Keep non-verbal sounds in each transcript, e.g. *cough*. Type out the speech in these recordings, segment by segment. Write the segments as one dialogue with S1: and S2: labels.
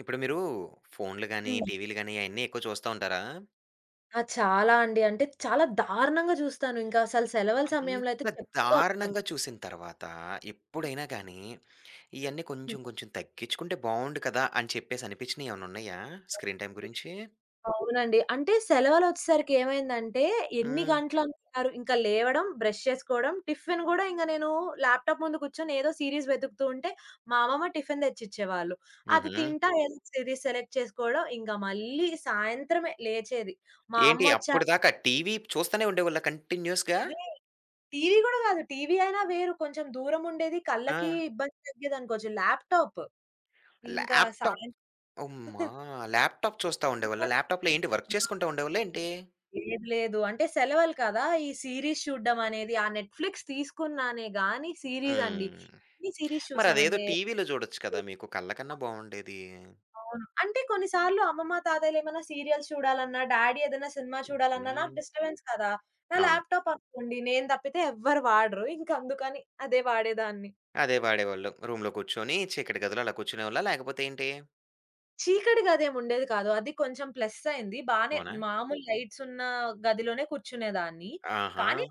S1: ఇప్పుడు మీరూ ఫోనులు గానీ,
S2: హ్మ్.
S1: టీవీలు గానీ ఆయన్నీ ఎక్కువ చూస్తా ఉంటారా?
S2: ఆ! చాలా అండి. అంటే చాలా దారుణంగా జూస్తాను ఇంక అసలు సెలవుల సమయంలో అయితే
S1: అంత
S2: చెప్పుకోక్కర్లా.
S1: దారణంగా చూసిన తర్వాత ఎప్పుడైనా గానీ ఇయన్నీ కొంచెం
S2: హ్మ్.
S1: కొంచెం తగ్గిచుకుంటే బాగుండు కదా! అని చెప్పేసి అనిపిచ్చినయి ఏమన్నున్నాయా స్క్రీన్ టైమ్
S2: ఓకే.
S1: గురించి?
S2: అవునండి. అంటే సెలవలొచ్చేసరికేమైందంటే ఎన్ని
S1: హ్మ్.
S2: గంటలనుకున్నారు. ఇంక లేవడం, బ్రష్ చేసుకోడం. టిఫిన్ గూడా ఇంగ నేను ల్యాప్‌టాప్ ముందు కూర్చొని ఏదో సీరీస్ వెదుకుతు ఉంటే మా అమ్మమ్మ టిఫిన్ దెచ్చిచ్చేవాళ్ళు. అది
S1: హుహు.
S2: తింటా ఏదో సీరీస్ సెలెక్ట్ చేసుకోడం ఇంగ మళ్ళీ సాయంత్రమే లేచేది. మా
S1: ఏంటి అప్పుడ
S2: అమ్మొచ్చాక
S1: దాకా టీవీ చూస్తానే ఉండేవోళ్ళా కంటిన్యూస్‌గా?
S2: రేయ్! టీవీ గూడా గాదు. టీవీ అయినా వేరు కొంచెం దూరముండేది. కళ్ళకి
S1: ఆ!
S2: ఇబ్బంది దగ్గేదనుకోచ్చు. ల్యాప్‌టాప్ ఇంకా
S1: ల్యాప్‌టాప్
S2: సాయి
S1: అమ్మా!
S2: *chuckles*
S1: ల్యాప్‌టాప్ చూస్తా ఉండేవాళ్ళా?
S2: ఇంకోటి
S1: ల్యాప్‌టాప్ ఏంటి వర్క్
S2: చే ఆ!
S1: చేసుకుంటా ఉండేవోళ్ళా ఏంటి?
S2: లేదు. లేదు. అంటే సెలవలు కదా! ఈ సీరీస్ చూడ్డమనేది ఆ నెట్‌ఫ్లి‌క్స్ తీసుకున్నానే గానీ సీరీసండి.
S1: హ్మ్.
S2: ఎన్ని సీరీస్
S1: మరదేదో
S2: చూసానంటే
S1: టీవీలో జూడొచ్చు కదా! మీకు కళ్ళ కన్నా బాగుండేదీ.
S2: అవును. అంటే కొన్నిసార్లు అమ్మమ్మ, తాతయ్యలేమైనా సీరియల్స్ చూడాలన్నా, డ్యాడి ఏద‌న్నా సినిమా చూడాలన్నా నాకు
S1: హుహు.
S2: డిస్టర్‌బెన్స్ కదా! నా
S1: అవును.
S2: ల్యాప్‌టాపనుకోండి నేను దప్పితే ఎవ్వరు వాడరు. ఇంకందుకని అదే వాడేదాన్ని.
S1: అదే వాడేవోళ్ళు. రూమ్‌లో కూర్చొని చీకటి గదిలో అలా కూర్చునేవోళ్ళా లేకపోతే ఏంటి?
S2: చీకటి గదేముండేది కాదు. అది కొంచెం ప్లస్ అయింది. బానే
S1: అవునా?
S2: మాములు లైట్స్ ఉన్న గదిలోనే కూర్చునేదాన్ని.
S1: ఆహా!
S2: కానీ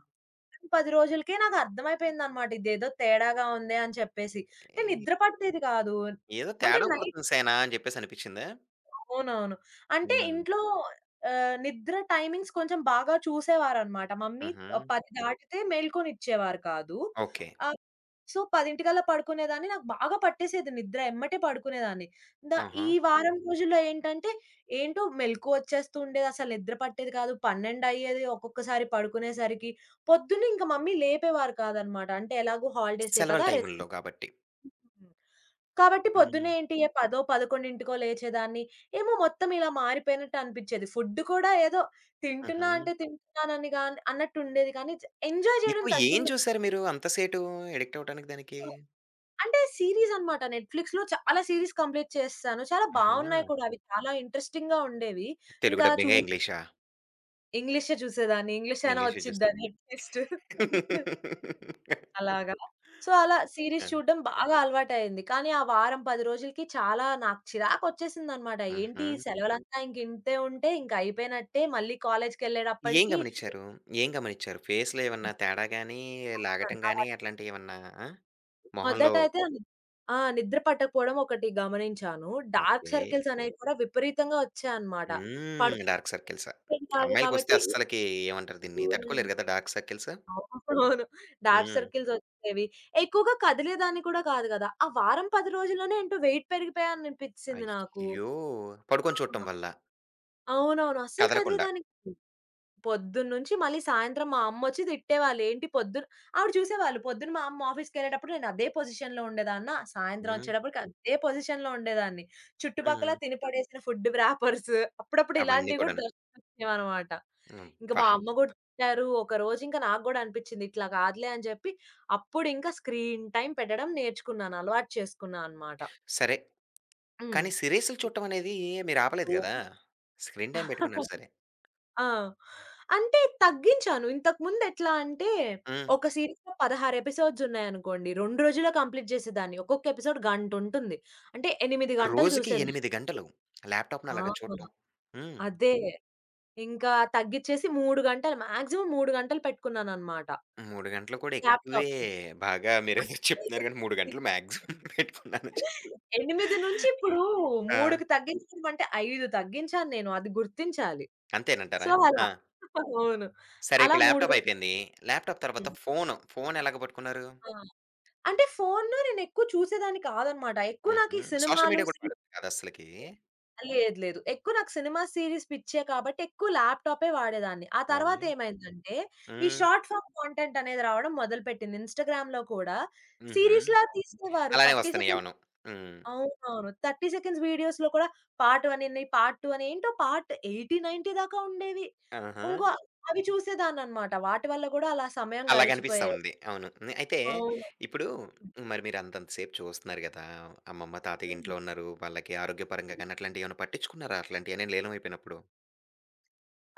S2: వారం, 10 రోజులకే, నాకు అర్థమైపోయిందన్నమాట. ఇదేదో తేడాగా ఉందే అని చెప్పేసి. అంటే
S1: ఎంగి
S2: నిద్ర పట్టేది కాదు,
S1: ఏదో
S2: అంటే
S1: తేడా
S2: నైట్
S1: కొడుతుంది సేనా అని జెప్పేసనిపించిందా?
S2: అవునవును. అంటే
S1: హ్మ్.
S2: ఇంట్లో ఆహ్, నిద్ర టైమింగ్స్ కొంచెం బాగా చూసేవారన్నమాట మమ్మీ
S1: హుహు.
S2: 10 దాటితే మెలుకోనిచ్చేవారు కాదు.
S1: ఓకే.
S2: ఆహ్, సో, పదింటికల్లా పడుకునేదాన్ని నాకు బాగా పట్టేసేది నిద్ర ఎమ్మటే పడుకునేదాన్ని. ద ఈ
S1: ఆహా!
S2: వారం రోజుల్లో ఏంటంటే, ఏంటో మెలుకువొచ్చేస్తూండేదసలు నిద్ర పట్టేది కాదు. పన్నెండయ్యేది ఒక్కొక్కసారి పడుకునేసరికి, పొద్దున్న ఇంక మమ్మీ లేపేవారు కాదన్నమాట. అంటే ఎలాగో హాలిడేసే
S1: సెలవుల
S2: కదా, రెస్ట్
S1: టైముల్లో కాబట్టి.
S2: కాబట్టి,
S1: హ్మ్.
S2: పొద్దున్నే ఏంటి ఏ పదో, 11కో లేచేదాన్ని, ఏమో మొత్తం ఇలా మారిపోయినట్టనిపిచ్చేది. ఫుడ్డు కూడా ఏదో తింటున్నా
S1: హుహు.
S2: అంటే తింటున్నాను అని గాన్ అన్నట్టుండేది కానీ ఎంజాయ్ చేయడం
S1: ఎక్కువ ఏం
S2: తగ్గింద
S1: చూసారు మీరు అంత సేపు? అడిక్ట్ అవ్వటానికి దానికి?
S2: అంటే సీరీస్ అన్నమాట. నెట్‌ఫ్లిక్స్‌లో చాలా సీరీస్ కంప్లీట్ చేసేశాను. చాలా బావున్నాయి
S1: ఆహా!
S2: కూడా. అవి చాలా ఇంట్రెస్టింగ్‌గా ఉండేవి.
S1: తెలుగు
S2: ఇంకలా చూ
S1: డబ్బింగా? ఇంగ్లీషా?
S2: ఇంగ్లీషే చూసేదాన్ని. ఇంగ్లీష్ అయినా
S1: ఇంగ్లీషే చూసె
S2: వచ్చిద్దని అట్‌లీస్ట్. *giggles*
S1: *giggles*
S2: అలాగా. సో, అలా
S1: ఆ!
S2: సీరీస్ చూడడం బాగా అలవాటయింది. కానీ ఆ వారం, 10 రోజులకి చాలా నాకు చిరాకొచ్చేసిందన్నమాట. ఏంటి
S1: హుహు.
S2: ఈ సెలవులంతా ఇంకింతే ఉంటే, ఇంకైపోయినట్టే మళ్ళీ
S1: ఏం
S2: కాలేజ్‌కెళ్ళేటప్పటికి
S1: గమనిచ్చారు? ఏం గమనిచ్చారు ఫేస్‌లో ఏవన్నా తేడా గాని, లాగటం గాని,
S2: *unintelligible*
S1: అట్లాంటియేమన్నా ఆ! మొహంలో?
S2: మొదటయితే ఆ! నిద్ర పట్టకపోవడం ఒకటి గమనించాను. Dark
S1: okay.
S2: సర్కిల్స్ అనేవి కూడా విపరీతంగా ఒచ్చాయన్నమాట.
S1: హ్మ్.
S2: పడుకుం
S1: డార్క్ సర్కిల్సా
S2: ముఖ్యం కాదు
S1: అమ్మాయిలకొస్తే
S2: కాబట్టి.
S1: అస్సలకి ఏమంటారు దీన్ని
S2: హ్మ్.
S1: తట్టుకోలేరు గదా! Dark circles?
S2: అవునవును డార్క్
S1: హ్మ్.
S2: సర్కిల్స్ వచ్చేవి. ఎక్కువగా కదిలేదాన్ని కూడా కాదు గదా! ఆ వారం 10 రోజుల్లోనే ఏంటో వెయిట్ పెరిగిపోయానననిపిచ్చేసింది నాకు.
S1: అయ్యో! పడుకొని చూడటం
S2: అవును.
S1: వల్ల.
S2: అవునవును. అస్సలు
S1: కదలకుండా.
S2: కదిలేదాన్ని పొద్దున్న నుంచి మళ్ళీ సాయంత్రం మా అమ్మొచ్చి తిట్టేవాళ్ళు, "ఏంటి పొద్దు" ఆవిడ చూసేవాళ్ళు పొద్దున మా అమ్మ ఆఫీస్‌కెళ్ళేటప్పుడు నేను అదే పొజిషన్‌లో ఉండేదాన్న, సాయంత్రం
S1: హ్మ్.
S2: ఒచ్చేటప్పటికి అదే పొజిషన్‌లో ఉండేదాన్ని. చుట్టుపక్కల
S1: హ్మ్.
S2: తిని పడేసిన ఫుడ్డు వ్రాపర్సు, అప్పుడప్పుడు
S1: అవన్నీ
S2: ఇలాంటివి గూడా
S1: కూడాను.
S2: దర్శనమిచ్చేవన్నమాట. ఇంక మా
S1: అబ్బా!
S2: అమ్మ కూడా తిట్టారు. ఒకరోజింకా నాకు గూడా అనిపిచ్చింది, ఇట్లా గాదులే అని చెప్పి, అప్పుడింకా స్క్రీన్ టైమ్ పెట్టడం నేర్చుకున్నాను. అలవాటు చేసుకున్నా అన్నమాట.
S1: సరే,
S2: హ్మ్.
S1: కానీ సీరీసులు చూటం అనేది మీరాపలేదు గదా! స్క్రీన్ టైమ్ పెట్టుకున్నారు
S2: *chuckles*
S1: సరే.
S2: ఆ! అంటే తగ్గించాను. ఇంతకు ముందెట్లా అంటే,
S1: హ్మ్.
S2: ఒక సీరీస్‌లో 16 ఎపిసోడ్స్ ఉన్నాయనుకోండి, 2 రోజుల్లో కంప్లీట్ చేసేదాన్ని. ఒక్కొక్క ఎపిసోడ్ గంటుంటుంది. అంటే 8 గంటలు
S1: రోజుకి
S2: చూసేదాన్ని.
S1: 8 గంటలు,
S2: ఆ!
S1: ల్యాప్‌టాప్‌నలాగా చూటం! హ్మ్.
S2: అదే, ఇంకా తగ్గిచ్చేసి 3 గంటలు, మాక్సిమమ్ 3 గంటలు పెట్టుకున్నానన్నమాట.
S1: 3 గంటలు కూడా ఎక్కువే.
S2: ల్యాప్‌టాప్
S1: బాగా! మీరేదో చెప్తున్నారు గాని 3 గంటలు
S2: *unintelligible*
S1: మాక్సిమమ్ పెట్టుకున్నానని చెప్
S2: 8 నుంచి ఇప్పుడు
S1: ఆ!
S2: 3కి తగ్గించమంటే, 5 తగ్గించాను నేను అది గుర్తించాలి.
S1: అంతేనంటారా?
S2: సో,
S1: ఆ!
S2: అలా *chuckles* అవును.
S1: సరే,
S2: అలా
S1: ఇప్పుడు
S2: 3 గ
S1: ల్యాప్‌టాప్ అయిపోయింది. ల్యాప్‌టాప్ తరువాత ఫోను, ఫోను ఎలాగా పట్టుకున్నారు?
S2: ఆ! అంటే ఫోనులో నేనెక్కువ చూసేదాన్ని కాదన్నమాట. ఎక్కువ
S1: హుహు.
S2: నాకీ
S1: సోషల్
S2: సినిమాలు,
S1: మీడియా కూడా
S2: సిరి
S1: పడేది కాదస్సలకీ?
S2: లేదు. లేదు. ఎక్కువ నాకు సినిమా సీరీస్ పిచ్చే కాబట్టి ఎక్కువ ల్యాప్‌టాపె వాడేదాన్ని. ఆ
S1: అవునా?
S2: తరువాత ఏమైందంటే, ఈ
S1: హ్మ్.
S2: షార్ట్ ఫార్మ్ కాంటెంట్ అనేది రావడం మొదలుపెట్టింది. ఇన్‌స్టాగ్రామ్‌లో కూడా
S1: హుహు.
S2: సీరీస్‌లా తీసేవారు.
S1: అలానే
S2: 30
S1: ఒస్తున్నాయి.
S2: సెకండ్స్
S1: అవును. హ్మ్.
S2: అవునవును. 30 సెకండ్స్ వీడియోస్‌లో కూడా పార్ట్ 1 అని, పార్ట్ 2 అని ఏంటో పార్ట్ 80, 90 దాకా ఉండేవి. ఇంకో
S1: ఆహా!
S2: అవి చూసేదాన్నన్నమాట. వాటి వల్ల గూడా అలా సమయం
S1: అలాగనిపిస్తా
S2: గడిచిపోయే
S1: ఉంది. అవును. నె అయితే,
S2: అవును.
S1: ఇప్పుడు మరి మీరంతంత సేపు చూస్తున్నారు గదా! అమ్మమ్మ, తాతయ్య
S2: హ్మ్.
S1: ఇంట్లో ఉన్నారు వాళ్ళకి ఆరోగ్యపరంగా గాని, అట్లాంటివయేమన్నా పట్టిచ్చుకున్నారా అట్లాంటియన్నీ లీనవైపోయినప్పుడు?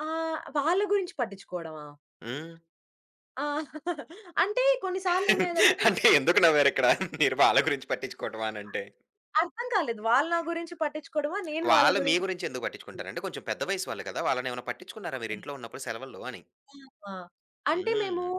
S2: ఆహ్, వాళ్ళ గురించి పట్టించుకోవడమా?
S1: హ్మ్.
S2: ఆ! *chuckles* అంటే కొన్ని సార్లేమైయ్యేదంటే
S1: అంటే ఎందుకు నవ్వారిక్కడ. మీరు వాళ్ళ గురించి పట్టించుకోటవా అని అంటే?
S2: అర్థం కాలేదు వాళ్ళు నా గురించి పట్టించుకోవడమా? నేను వాళ్ళ
S1: వాళ్ళు మీ
S2: గురించి
S1: గురించి ఎందుకు పట్టించుకుంటారంటే కొంచెం పెద్ద వయసు వాళ్ళు కదా! వాళ్ళని ఏమన్నా పట్టించుకున్నారా? మీరు
S2: ఓకే.
S1: ఇంట్లో ఉన్నప్పుడు సెలవల్లో అని.
S2: ఆ! ఆ! అంటే మేము
S1: హ్మ్.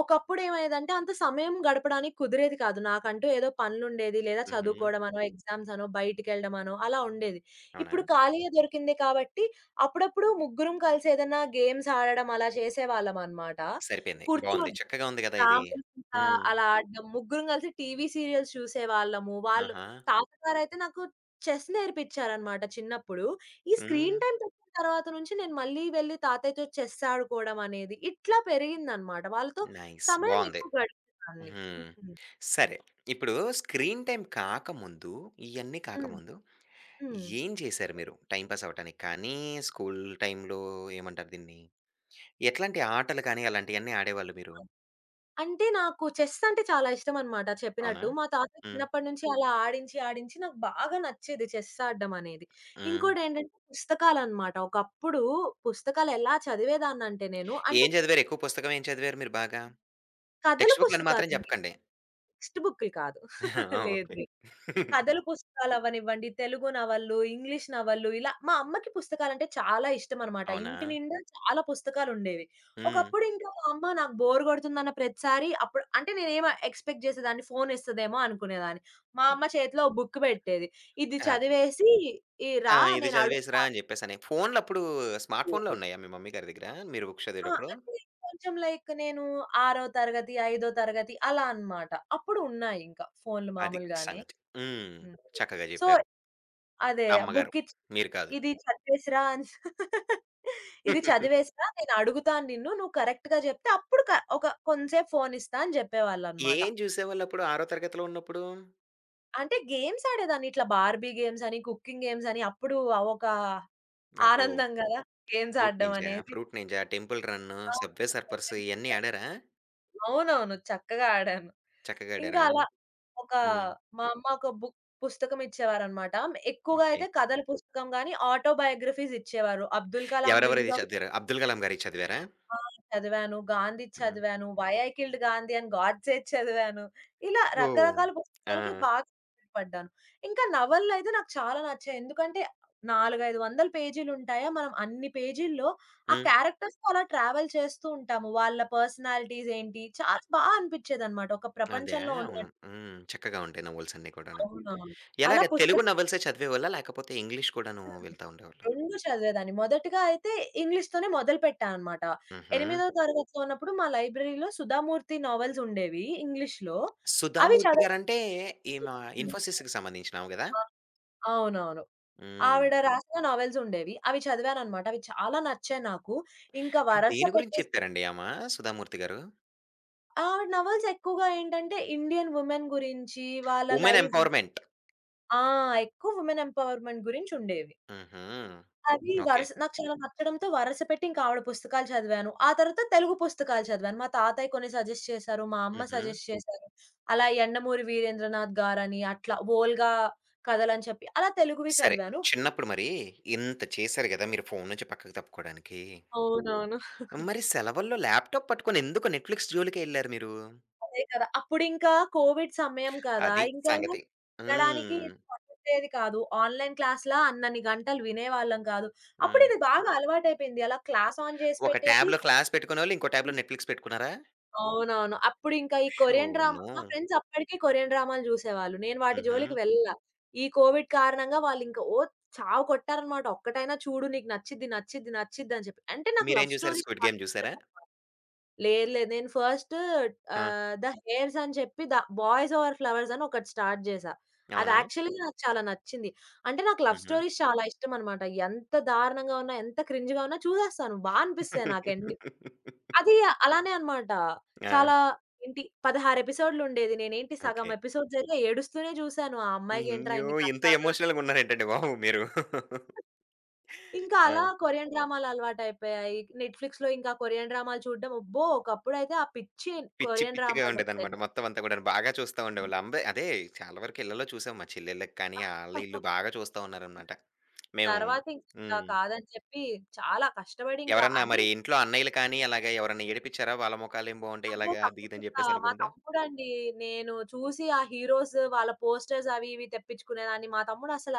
S2: ఒకప్పుడేమయ్యేదంటే అంత సమయం గడపడానికి కుదిరేది కాదు. నాకంటూ ఏదో పనులుండేది. లేదా
S1: హుహు.
S2: చదువుకోవడవనో, ఎగ్జామ్స్ అనో, బయటికెళ్ళడమనో అలా ఉండేది. ఇప్పుడు
S1: అవునా?
S2: ఖాళీగా దొరికింది కాబట్టి, అప్పుడప్పుడు ముగ్గురం కలిసి ఏదన్నా గేమ్స్ ఆడడం అలా జేసేవాళ్ళంమనమాట.
S1: సరిపోయింది. బాగుంది
S2: కూర్చొని
S1: చక్కగా ఉంది కదా! ఇది.
S2: రాముడు, సీత
S1: హ్మ్.
S2: అలా ఆడడం. ముగ్గురం కలిసి టీవీ సీరియల్స్ చూసేవాళ్ళము. వాళ్ళు
S1: ఆహా!
S2: తాత గారైతే నాకు చెస్ నేర్పిచారన్నమాట. చిన్నప్పుడు ఈ స్క్రీన్
S1: హ్మ్.
S2: టైమ పెట్టిన తర్వాత నుంచి నేను మళ్ళీ వెళ్లి తాతయ్యతో చెస్ ఆడుకోవడం అనేది ఇట్లా పెరిగిందన్నమాట. వాళ్ళతో
S1: నైస్
S2: సమయం
S1: బావుంది.
S2: ఎక్కువ గడిపేదాన్ని.
S1: హ్మ్.
S2: హ్మ్.
S1: సరే! ఇప్పుడు స్క్రీన్ టైమ్ కాకముందు. ఇయన్నీ
S2: హ్మ్.
S1: కాకముందు.
S2: హ్మ్.
S1: ఏం చేసారు మీరు? టైమ్ పాస్ అవ్వటానికి కానీ, స్కూల్ టైమ్‌లో ఏమంటారు దీన్ని. ఎట్లాంటి ఆటలు గాని అలాంటియన్ని ఆడేవాళ్ళు మీరు?
S2: అంటే నాకు చెస్ అంటే చాలా ఇష్టమన్నమాట
S1: అవునా?
S2: చెప్పినట్టు. మా తాత
S1: హ్మ్.
S2: చిన్నప్పటి నుంచి అలా ఆడించి ఆడించి నాకు బాగా నచ్చేది చెస్ ఆడటం అనేది.
S1: హ్మ్.
S2: ఇంకోటెంటంటే పుస్తకాలన్నమాట. ఒకప్పుడు పుస్తకాలెలా చదివేదానంటే నేను. అంటే
S1: ఏం చదివారు. ఎక్కువ పుస్తకం ఏం చదివారు మీరు బాగా?
S2: కథల
S1: టెక్స్ట్ బుక్‌లని మాత్రం
S2: పుస్తకాలండి.
S1: చెప్పకండి.
S2: టెక్స్ట్ బుక్కులు కాదు.
S1: *chuckles*
S2: *chuckles*
S1: ఆ!
S2: లేదు
S1: ఓకే.
S2: లేదు.
S1: *chuckles*
S2: కథలు పుస్తకాలు అవ్వనివ్వండి తెలుగు నవళ్ళు, ఇంగ్లీష్ నవళ్ళు, ఇలా మా అమ్మకి పుస్తకాలంటే చాలా ఇష్టమాన్నమాట. ఇంటి
S1: అవునా?
S2: నిండా చాలా పుస్తకాలుండేవి.
S1: హ్మ్.
S2: ఒకప్పుడు ఇంకా మా అమ్మ నాకు బోర్ గోడుతుందన్న ప్రతిసారి అప్పుడు అంటే నేనేమి ఎక్స్‌పెక్ట్ చేసేదాన్ని. ఫోన్ ఇస్తాదేమో అనుకునేదాన్ని. మా అమ్మ చేతిలో ఒక బుక్ పెట్టేది. ఇది
S1: అది.
S2: చదివేసి
S1: ఆ!
S2: యేరా
S1: ఇది చదివేసిరా
S2: నేనడుగుతాను.
S1: అని జెప్పేసని. ఫోన్‌లప్పుడు స్మార్ట్ ఫోన్‌లే
S2: ఓకే.
S1: ఉన్నాయా మీ మమ్మీ గారి దగ్గర. మీరు బుక్స్
S2: ఆ!
S1: చదివేటప్పుడు?
S2: అంటే కొంచెం లైక్ నేను ఆరో తరగతి, ఐదో తరగతి అలాన్నమాట. అప్పుడున్నాయి ఇంకా ఫోన్లు
S1: అది.
S2: మామూలుగానే.
S1: సంగతి. హ్మ్.
S2: హ్మ్.
S1: చక్కగా
S2: సో
S1: జెప్పారు.
S2: అదే
S1: అమ్మగారు.
S2: బుక్ ఇచ్చి
S1: మీరు కాదు.
S2: ఇది చదివేసిరా *laughs* అనేసి ఇది
S1: *chuckles*
S2: చదివేసిర నేనడుగుతా నిన్ను నువ్వు కరెక్ట్‌గా జెప్తే అప్పుడు క ఒక కొంచెం సేపు ఫోను ఇస్తా అని జెప్పేవాళ్ళన్నమాట.
S1: ఏం జూసేవాళ్ళు అప్పుడు ఆరో తరగతిలో ఉన్నప్పుడు?
S2: అంటే గేమ్స్ ఆడేదాన్ని. ఇట్లా బార్‌బీ గేమ్సని, కుకింగ్ గేమ్సని. అప్పుడు అవొక *chuckles*
S1: అబ్బో!
S2: ఆనందం గదా! గేమ్స్
S1: ఫ్రూట్
S2: ఆడడం
S1: నింజా,
S2: అనేది.
S1: ఫ్రూట్ నింజా, టెంపుల్ రన్ను,
S2: ఆ!
S1: Subway
S2: Subway
S1: Surfers ఇయన్నీ
S2: సర్ఫర్స్.
S1: ఆడారా?
S2: అవునవును. చక్కగా ఆడాను. ఇంకా
S1: చక్కగాడారా.
S2: అలా ఒక
S1: హ్మ్.
S2: మా అమ్మ ఒక బుక్ పుస్తకం ఇచ్చేవారన్నమాట. ఎక్కువగా
S1: ఓకే.
S2: అయితే కథల పుస్తకం గాని, ఆటో బయోగ్రఫీస్ ఇచ్చేవారు. అబ్దుల్ కలాం వింగ్స్
S1: ఎవరెవరిది
S2: ఆఫ్
S1: చదివారు, 'అబ్దుల్ కలాం' గారిది చదివారా?
S2: ఆ! చదివాను. 'గాంధీది'
S1: హ్మ్.
S2: చదివాను, 'వై ఐ కిల్డ్ గాంధీ' అని గాడ్సేది *chuckles* చదివాను. ఇలా
S1: ఓహ్!
S2: రకరకాల
S1: ఆ!
S2: పుస్తకాలకి బాగా అలవాటు పడ్డాను. ఇంకా నవలలైతే నాకు చాలా నచ్చాయి. ఎందుకంటే 4, 500 పేజీలు ఉంటాయా, మనం అన్ని పేజీల్లో ఆ
S1: హ్మ్.
S2: క్యారెక్టర్స్‌తో అలా ట్రావెల్ చేస్తూ ఉంటాము. వాళ్ళ పర్సనాలిటీస్ ఏంటి చాలా బాగా అనిపించేదన్నమాట. ఒక
S1: అదా!
S2: ప్రపంచంలో ఉన్న
S1: అవును. హ్మ్. చక్కగా ఉంటాయి నోవెల్స్ అన్ని కూడాను.
S2: అవునవును. అలా
S1: ఎలాగ తెలుగు
S2: పుస్తకం
S1: నవెల్సే చదివేవాళ్ళా లేకపోతే ఇంగ్లీష్ కూడాను
S2: హ్మ్.
S1: వెళ్తా ఉండేవాళ్ళా?
S2: 2 చదివేదాన్ని. మొదటిగా అయితే ఇంగ్లీష్ తోనే మొదలు పెట్టా అన్నమాట.
S1: హుహు.
S2: ఎనిమిదో తరగతిలో ఉన్నప్పుడు మా లైబ్రరీ‌లో 'సుధామూర్తి' నోవెల్స్ ఉండేవి ఇంగ్లీష్‌లో అవి
S1: 'సుధామూర్తి'
S2: చదవడం
S1: గారంటే ఈమె
S2: *unintelligible*
S1: ఇన్‌ఫోసిస్‌కి సంబంధించిన ఆమె గదా!
S2: ఆ! అవునవును.
S1: హ్మ్.
S2: ఆవిడ రాసిన నవెల్స్ ఉండేవి. అవి చదివానన్నమాట. అవి చాలా నచ్చాయి నాకు. ఇంకా
S1: ఆ
S2: వరస
S1: దేని గురించి
S2: పెట్టేసి
S1: చెప్పారండి ఆమా 'సుధామూర్తి' గారు?
S2: ఆవిడ నవల్స్ ఎక్కువగా ఏంటంటే, ఇండియన్ వుమెన్ గురించి, వాళ్ళ
S1: ఉమెన్
S2: లైఫ్
S1: ఎంపవర్మెంట్.
S2: ఆ! ఎక్కువ వుమెన్ ఎంపవర్మెంట్ గురించి ఉండేవి.
S1: హుహు.
S2: అది
S1: ఓకే.
S2: వరస నాకు చాలా నచ్చడంతో వరుస పెట్టి, ఇంకా ఆవిడ పుస్తకాలు చదివాను. ఆ తరువాత తెలుగు పుస్తకాలు చదివాను. మా తాతయ్య కొన్ని సజెస్ట్ చేశారు, మా అమ్మ
S1: హుహు.
S2: సజెస్ట్ చేశారు. అలా యండమూరి వీరేంద్రనాథ్ గారని, అట్లా వోల్గా కథలని చెప్పి, అలా తెలుగువి
S1: సరే,
S2: చదివాను.
S1: చిన్నప్పుడు మరి ఇంత చేసారు గదా! మీరు ఫోను నుంచి పక్కకి తప్పుకోడానికి.
S2: అవునవును. *chuckles*
S1: మరి సెలవుల్లో ల్యాప్‌టాప్ పట్టుకొని ఎందుకు నెట్‌ఫ్లిక్స్ జోలికే ఎళ్లారు మీరు?
S2: అదే కదా! అప్పుడింకా కోవిడ్ సమయం కదా,
S1: అది!
S2: ఇంకా
S1: సంగతి.
S2: వినడానికి
S1: హ్మ్.
S2: పట్టుండేది కాదు. ఆన్లైన్ క్లాస్‌లా ‌అన్నిన్ని గంటలు వినేవాళ్ళం గాదు. అప్పుడి
S1: హ్మ్.
S2: ఇది బాగా అలవాటైపోయింది. అలా క్లాస్‌ఆన్
S1: ఒక
S2: జేసిపెట్టేసి
S1: ట్యాబ్‌లో క్లాస్ పెట్టుకునేవాళ్ళు ఇంకో ట్యాబ్‌లో
S2: హ్మ్.
S1: నెట్‌ఫ్లిక్స్ పెట్టుకున్నారా?
S2: అవునవును. అప్పుడింకా ఈ
S1: షో
S2: కొరియన్‌డ్రామా మా
S1: నో!
S2: ఫ్రెండ్స్ అప్పడికే కొరియన్‌డ్రామాలు చూసేవాళ్ళు. నేను వాటి జోలికి
S1: హుహు.
S2: వెళ్ళలా, ఈ కోవిడ్ కారణంగా వాళ్ళింకా ఓ చావకొట్టారనమాట "ఒక్కటైనా చూడు, నీకు నచ్చిద్ది, నచ్చిద్ది, నచ్చిద్ది" అని చెప్పి. అంటే నాకు లవ్
S1: మీరేం జూసారు
S2: స్టోరీస్ చాలా
S1: 'స్క్విడ్‌గేమ్'
S2: ఇష్టం
S1: జూసారా?
S2: అనమాట. లేదు, లేదు నేను ఫస్టు
S1: ఆ!
S2: ఆహ్, 'ద హెయిర్స్' అని చెప్పి 'ద బాయ్స్ ఓవర్ ఫ్లవర్స్' అని ఒకటి స్టార్ట్ చేశా. అది
S1: అవునా?
S2: యాక్చువల్లీ నాకు చాలా నచ్చింది. అంటే నాకు
S1: హుహు.
S2: లవ్‌స్టోరీస్ చాలా ఇష్టం అన్నమాట. ఎంత దారుణంగా ఉన్నా, ఎంత క్రింజ్‌గా ఉన్నా, చూసేస్తాను బా అనిపిస్తాది నాకు ఎండ్
S1: *chuckles*
S2: అది అలానే అన్నమాట.
S1: ఆ!
S2: చాలా ఏంటి, 16 ఎపిసోడులు ఉండేది, నేనేంటి, సగం
S1: ఓకే.
S2: ఎపిసోడ్స్ జరిగా ఏడుస్తూనే జూసాను. ఆ అమ్మాయికి ఏంట్రా
S1: అయ్యో!
S2: ఇన్ని
S1: ఇంత
S2: కష్టాలు అని.
S1: ఎమోషనల్‌గా ఉన్నారేంటండి బాబు! మీరు.
S2: ఇంకా
S1: ఆ!
S2: అలా కొరియన్‌డ్రామలు అలవాటు అయిపోయాయి. నెట్‌ఫిక్స్‌లో ఇంకా కొరియన్‌డ్రామలు చూడడం అబ్బో! ఒకప్పుడైతే ఆ పిచ్చి
S1: పిచ్చి పిచ్చిగా
S2: కొరియన్‌డ్రామాస్ అంటే.
S1: ఉండేదన్నమాట మొత్తం అంతా కూడాను. బాగా చూస్తా ఉండేవాళ్ళు అమ్మే అదే చాలా వరకు ఇళ్ళల్లో చూసాం. మా చెల్లెలకి కాని, ఆల్లు ఈళ్ళు
S2: *chuckles*
S1: బాగా చూస్తా ఉన్నారనమాట. మేము
S2: తర్వాత ఇంకా ఇట్లా
S1: హ్మ్.
S2: కాదని చెప్పి, చాలా కష్టపడి ఇంకా
S1: ఎవరన్నా
S2: అన్ని
S1: మరి ఇంట్లో అన్నయ్యలు కానీ, అలాగా ఎవరన్నా ఏడిపిచ్చారా? వాళ్ళ మొఖాలేం బావుంటాయి?
S2: అబ్బో!
S1: ఇలాగా అది ఇదని
S2: తప్పకుండా మా
S1: జెప్పేసనుకుంటా.
S2: తమ్ముడండి, నేను చూసి ఆ హీరోస్ వాళ్ళ పోస్టర్స్ అవి ఇవి తెప్పిచ్చుకునేదాన్ని, మా తమ్ముడు అసల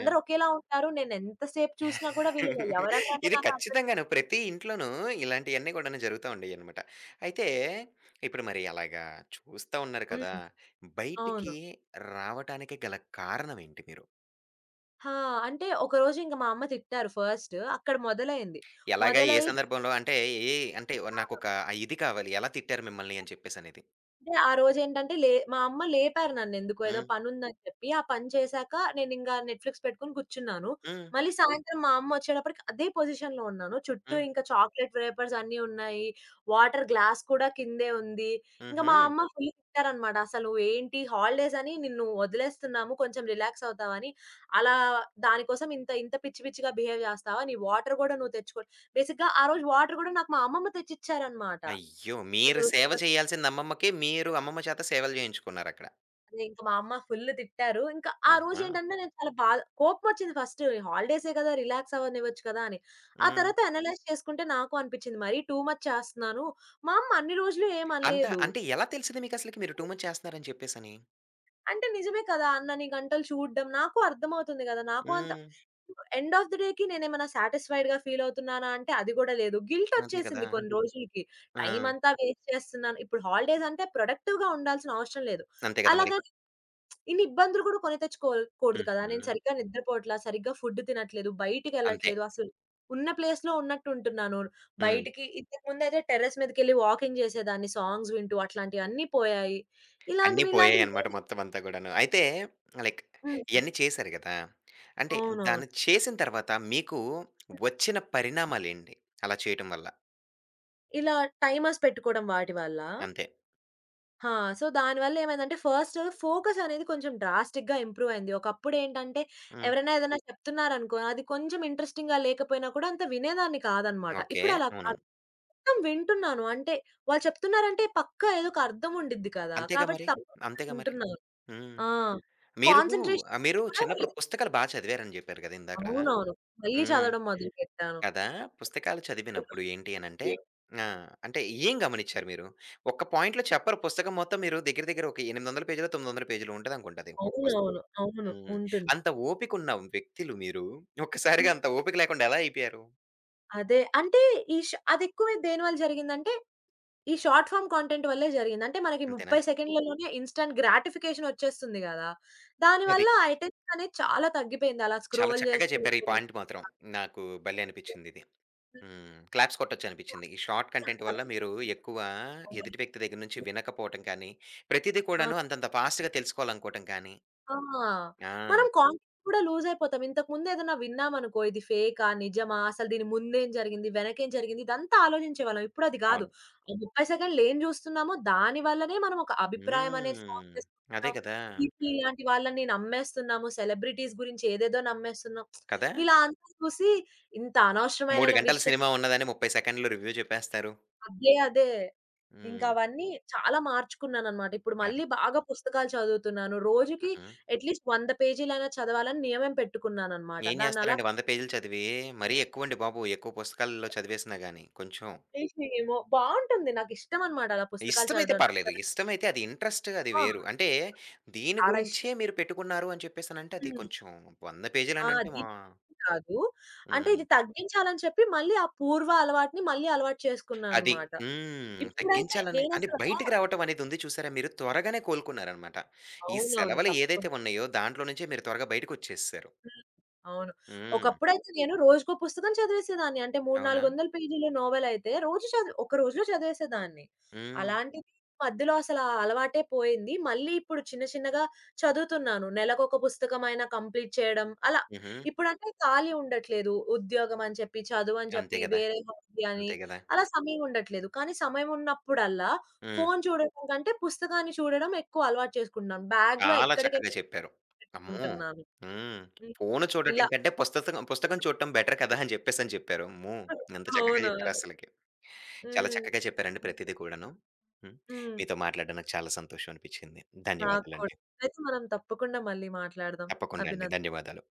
S1: ఆ!
S2: ఒకేలా ఉంటారు. నేననెంతసేపు చూసినా కూడా, వీళ్ళలో
S1: *giggles*
S2: ఎవరెవరు అని
S1: ఇది
S2: నాకు అర్థం
S1: ఖచ్చితంగా.
S2: కాదు."
S1: ప్రతి ఇంట్లోనూ ఇలాంటియన్నీ కూడా జరుగుతూ ఉండేయన్నమాట. అయితే, ఇప్పుడు మరి అలాగా, చూస్తా ఉన్నారు కదా!
S2: హ్మ్. అవును
S1: బయటికి రావటానికి గల కారణం ఏంటి మీరు?
S2: ఆ! అంటే ఒకరోజు ఇంక మా అమ్మ తిట్టారు. ఫస్టు అక్కడ మొదలైంది.
S1: ఎలాగా? ఏ
S2: మొదలై
S1: సందర్భంలో అంటే ఏయి అంటే,
S2: అవును.
S1: నాకొక ఇది కావాలి ఎలా తిట్టారు మిమ్మల్ని అని చెప్పేసనేది?
S2: అంటే ఆరోజేంటంటే లే మా అమ్మ లేపారు నన్నెందుకొ ఏదో
S1: హ్మ్.
S2: పనుందని జెప్పి. ఆ పని చేసాక నేనింగ నెట్‌ఫ్లి‌క్స్ పెట్టుకొని కూర్చున్నాను.
S1: హ్మ్.
S2: మళ్ళీ సాయంత్రం మా అమ్మొచ్చేటప్పటికి అదే పొజిషన్‌లో ఉన్నాను. చుట్టూ
S1: హ్మ్.
S2: ఇంకా చాక్లేట్ వేపర్సన్నీ ఉన్నాయి. వాటర్ గ్లాస్ కూడా కిందే ఉంది. ఇంకా మా
S1: హుహు.
S2: అమ్మ ఫుల్ తిట్టారనమాట. "అసలు ఏంటి హాలిడేసని నిన్ను ఒదిలేస్తున్నాము. కొంచుం రిలాక్సవుతావని. అలా దానికోసం ఇంత ఇంత పిచ్చి, పిచ్చిగా బిహేవ్ జేస్తావా. నీ వాటర్ గూడా నువ్వు తెచ్చుకో" బేసిక్‌గా ఆరోజు వాటర్ గూడా నాకు మా అమ్మమ్మ తెచ్చిచ్చారనమాట.
S1: అయ్యో!
S2: ఇంక
S1: మీరు సేవ
S2: జూసుకో
S1: చేయాల్సిందమ్మమ్మకి మీరు
S2: ఎ
S1: అమ్మమ్మ చేత సేవలు జేయించుకున్నారక్కడ.
S2: అదే ఇంక మా అమ్మ ఫుల్లు తిట్టారు. ఇంకా ఆ
S1: ఆహా!
S2: రోజేంటంటే నేను చాలా బాధ కోపమొచ్చింది ఫస్టు హాలిడేసే గదా! రిలాక్సవ్వనివ్వచ్చు కదా! అని ఆ
S1: హ్మ్.
S2: తర్వాత అనలైజ్ చేసుకుంటే, నాకు అనిపిచింది మరీ టూ మచ్ చేస్తన్నాను. మా అమ్మ అన్ని రోజులు
S1: అంత,
S2: ఏమనలేదు.
S1: అంటే ఎలా తెలిసింది మీకసలికి మీరు టూ మచ్ చేస్తున్నారని చెప్పేసని.
S2: అంటే నిజమే కదా! అన్నన్ని గంటలు చూడ్డం, నాకు అర్థమవుతుంది గదా! నాకు అంత
S1: హ్మ్.
S2: ఎండ్ ఆఫ్ థ డే‌కి నేనేమైనా సాటిస్‌ఫై‌డ్‌గా ఫీలవుతున్నానా అంటే, అది గూడా లేదు.
S1: అదే కదా!
S2: గిల్టొచ్చేసింది. కొన్ని రోజులికి.
S1: ఆ!
S2: టైమంతా వేస్ట్ చేస్తున్నాను. ఇప్పుడు హాలిడేసంటే, ప్రొడక్టివ్‌‌గా ఉండాల్సిన అవసరం లేదు.
S1: అంతే కదా మరి.
S2: అలాగని *smacks lips* ఇన్నిబ్బందులు గూడా కొని తెచ్చుకోల్‌ కూడదు కదా! నేను
S1: హుహు.
S2: సరిగ్గా నిద్రపోవట్లా, సరిగ్గా ఫుడ్ తినట్లేదు,
S1: అంతే.
S2: బయటికెళ్ళట్లేదసలు ఉన్న ప్లేస్‌లో ఉన్నట్టుంటున్నాను.
S1: హ్మ్.
S2: బయటకి ఇంతకు ముందయితే టెర్రేస్ మీదకెళ్లి వాకింగ్ చేసేదాన్ని సాంగ్స్ వింటూ అట్లాంటియన్ని పోయాయి.
S1: అన్ని
S2: ఇలాంటివిలాంటివి
S1: పోయాయనమాట
S2: దేని
S1: మొత్తమంతా గూడాను. అయితే, లైక్
S2: హ్మ్. హ్మ్.
S1: ఇయన్ని చేసారు కదా! అంటే
S2: అవునవును.
S1: దాన్ని చేసిన తర్వాత, మీకు వచ్చిన
S2: హ్మ్.
S1: పరిణామాలేంటి? అలా చేయటం వల్ల?
S2: ఇలా టైమర్స్ పెట్టుకోవడం వాటి వల్లా?
S1: అంతే.
S2: ఆ! సో దానివల్ల ఏమైందంటే ఫస్ట్ ఫోకస్ అనేది కొంచెం డ్రాస్టిక్‌గా ఇంప్రూవ్ అయింది. ఒకప్పుడేంటంటే
S1: హ్మ్.
S2: ఎవరన్న ఏదన్న జెప్తున్నారనుకో అది కొంచెం ఇంట్రెస్టింగ్‌గా లేకపోయినా కూడా అంత వినేదాన్ని కాదన్నమాట.
S1: ఓకే.
S2: ఇప్పుడు అలా
S1: అవును.
S2: కాదు. మొత్తం వింటున్నాను. అంటే వాళ్ళు చెప్తున్నారంటే, పక్క ఏదో ఒక అర్థం ఉండిద్ది కదా!
S1: అంతేగా
S2: కాబట్టి
S1: మరి.
S2: తప్పకుండా
S1: అంతేగా మరి.
S2: వింటున్నా.
S1: హ్మ్.
S2: ఆ!
S1: మీరుగూ
S2: కాన్సంట్రేషన్
S1: ఆహ్, మీరు
S2: గా కూడా
S1: చిన్నప్పుడు పుస్తకాలు బా చదివారని జేప్పారు గదా! ఇందాకడ.
S2: అవునవును. మళ్ళీ
S1: హ్మ్.
S2: చదవడం మొదలుపెట్టాను.
S1: కదా! పుస్తకాలు చదివినప్పుడు ఏంటి అనంటే ఆ! అంటే ఏం గమనించారు మీరు? ఒక్క పాయింట్‌లో చెప్పరు పుస్తకం మొత్తం మీరు దెగ్గెర దెగ్గెర ఒక 800 పేజీలో, 900 ఉంటదనుకుంట. అది ఒకొక్క పుస్తకం.
S2: అవునవును. అవును.
S1: హ్మ్.
S2: ఉంటుంది.
S1: అంత ఓపిక ఉన్న వ్యక్తులు మీరు, ఒక్కసారిగా అంత ఓపిక లేకుండా ఎలా అయిపోయారు?
S2: అదే. అంటే ఈ ష అది ఎక్కువ దేని వల్ల జరిగిందంటే ఈ షార్ట్ ఫార్మ్ కాంటెంట్ వల్లే జరిగింది. అంటే మనకు
S1: అంతేనా?
S2: 30 సెకండ్‌లలోనే ఇన్స్‌స్టాంట్ గ్రాటిఫికేషన్ ఒచ్చేస్తుంది గదా! దాని వల్ల
S1: అది.
S2: ఐటెమ్స్ అనేది చాలా తగ్గిపోయింది. అలా
S1: చాలా
S2: స్క్రోల్
S1: చక్కగా
S2: జేస్తూ
S1: చెప్పారు ఈ
S2: ఉంటే
S1: పాయింట్ మాత్రం.
S2: ఆ!
S1: నాకు భలే! అనిపిచ్చిందిది. హ్మ్. క్లాప్స్ కొట్టొచ్చు అనిపిచ్చింది. ఈ షార్ట్ కంటెంట్ వల్ల మీరు ఎక్కువ ఎదుటి వ్యక్తి దగ్గర నుంచి వినకపోవటం కాని, ప్రతిది
S2: ఆ!
S1: కూడాను అంతంత ఫాస్ట్‌గా తెలుసుకోవాలి అనుకోవటం కాని
S2: ఆ!
S1: ఆ!
S2: మనం కాంటెంట్ కూడా లూజ్ అయిపోతాం. ఇంతకు ముందెదన్నా విన్నామనుకో ఇది ఫేకా? నిజమా? అసలు దీని ముందు ఏం జరిగింది? వెనకేం జరిగింది? ఇదంతా ఆలోచించేవాళ్ళం. ఇప్పుడు అది గాదు.
S1: అవును.
S2: ఆ 30 సెకండ్‌లు ఏం జూస్తున్నామో దానివల్లనే మనం ఒక అభిప్రాయం అనేది ఫార్మ్
S1: హ్మ్. అదే
S2: చేసుకుంటున్నాం.
S1: కదా!
S2: కీర్కి లాంటి వాళ్ళని నమ్మేస్తున్నాము. సెలబ్రిటీస్ గురించి ఏదేదో నమ్మేస్తున్నాం. *smacks lips*
S1: కదా!
S2: ఇలా అంతా చూసి ఇంత
S1: 3
S2: అనవసరమైనన
S1: గంటల
S2: విష
S1: సినిమా ఉన్నదని, 30 సెకండ్లు రివ్యూ జెప్పేస్తారు.
S2: అదే అదే. ఇంకా
S1: హ్మ్.
S2: అవన్నీ చాలా మార్చుకున్నానన్నమాట. ఇప్పుడు మళ్ళీ
S1: యది.
S2: బాగా పుస్తకాలు చదువుతున్నాను. రోజుకి
S1: హుహు.
S2: అట్‌లీస్ట్ 100 పేజీలన్నా, చదవాలని నియమం పెట్టుకున్నానన్నమాట.
S1: ఏం
S2: దాన్నలా
S1: జేస్తారండి 100 పేజులు చదివి? మరీ ఎక్కువండి బాబు. ఎక్కువ పుస్తకాల్లో చదివేసినా గాని. కొంచెం
S2: టేస్ట్ చెయ్ ఏమో బావుంటుంది. నాకిష్టమన్నమాట. అలా పుస్తకాలు
S1: ఇష్టమైతే
S2: చదవడం నాకు
S1: పర్లేదు.
S2: అదే
S1: ఇష్టమైతే అది ఇంట్రెస్ట్ అది
S2: ఆ!
S1: వేరు. అంటే దీని
S2: చాలా
S1: గురించే
S2: ఇష్టం.
S1: మీరు పెట్టుకున్నారు అని చెప్పేసనంటే అది
S2: హ్మ్.
S1: కొంచెం 100
S2: ఆ!
S1: పేజీలనంటే
S2: అది
S1: మాన్
S2: కాదు. అంటే
S1: హ్మ్.
S2: ఇది తగ్గించాలని చెప్పి మళ్ళీ ఆ పూర్వ అలవాటుని మళ్ళీ అలవాటు
S1: అది.
S2: చేసుకున్నానన్నమాట.
S1: హ్మ్.
S2: ఇప్పుడైతే
S1: తగ్గించాలని
S2: నేను
S1: అని
S2: అసల
S1: బయటికి రావటం అనేది ఉంది చూసారా మీరు? త్వరగానే కోలుకున్నారన్నమాట. ఈ
S2: అవునవును.
S1: సెలవులు
S2: తప్పుకుండ.
S1: ఏదైతే ఉన్నాయో దాంట్లో నుంచే మీరు త్వరగా బయటికోచ్చేసారు.
S2: హ్మ్. అవును.
S1: హ్మ్.
S2: ఒకప్పుడైతే నేను రోజుకో పుస్తకం చదివేసేదాన్ని. అంటే 3,4
S1: అవునా?
S2: వందల పేజీలు నోవెల్ అయితే రోజు చది ఒక రోజులో చదివేసేదాన్ని.
S1: హ్మ్.
S2: అలాంటిది ఈ మధ్యలో అసల అలవాటే పోయింది. మళ్ళీ ఇప్పుడు చిన్న చిన్నగా చదువుతున్నాను. నెలలకొక పుస్తకం అయినా కంప్లీట్ చేయడం అలా.
S1: హుహు.
S2: ఇప్పుడంటే ఖాళీ ఉండట్లేదు. ఉద్యోగం అని చెప్పి, చదువు అని
S1: అంతే
S2: చెప్పి
S1: గదా!
S2: వేరెవో ఉన్నాయని
S1: అంతే గదా!
S2: అలా సమయం ఉండట్లేదు. కానీ సమయం ఉన్నప్పుడల్లా
S1: హ్మ్.
S2: ఫోను చూడడం కంటే పుస్తకాన్ని చూడడం ఎక్కువ అలవాటు చేసుకుంటున్నాను. బాగ్‌లో
S1: చాలా చక్కగా చెప్పారు. అమ్మో!
S2: పెట్టుకుంటున్నాను.
S1: హ్మ్.
S2: హ్మ్.
S1: ఫోను చూడటం
S2: ఇలా.
S1: కంటే పుస్తతమ్ పుస్తకం చూడటం బెటర్ కదా! *giggles* అని జెప్పేసని జెప్పారు. అమ్మో! ఎంత చక్కగా
S2: అవునవును.
S1: జెప్పారసలకి. చాలా
S2: హ్మ్.
S1: చక్కగా చెప్పారండి ప్రతిది కూడాను. హ్మ్.
S2: హ్మ్.
S1: మీతో మాట్లాడటం నాకు చాలా సంతోషం అనిపిచ్చింది.
S2: నాకు కూడా
S1: ధన్యవాదాలండి.
S2: రెచి మనం తప్పకుండా మళ్ళీ మాట్లాడదాం.
S1: తప్పకుండా అండి.
S2: అభినంద్
S1: ధన్యవాదాలు.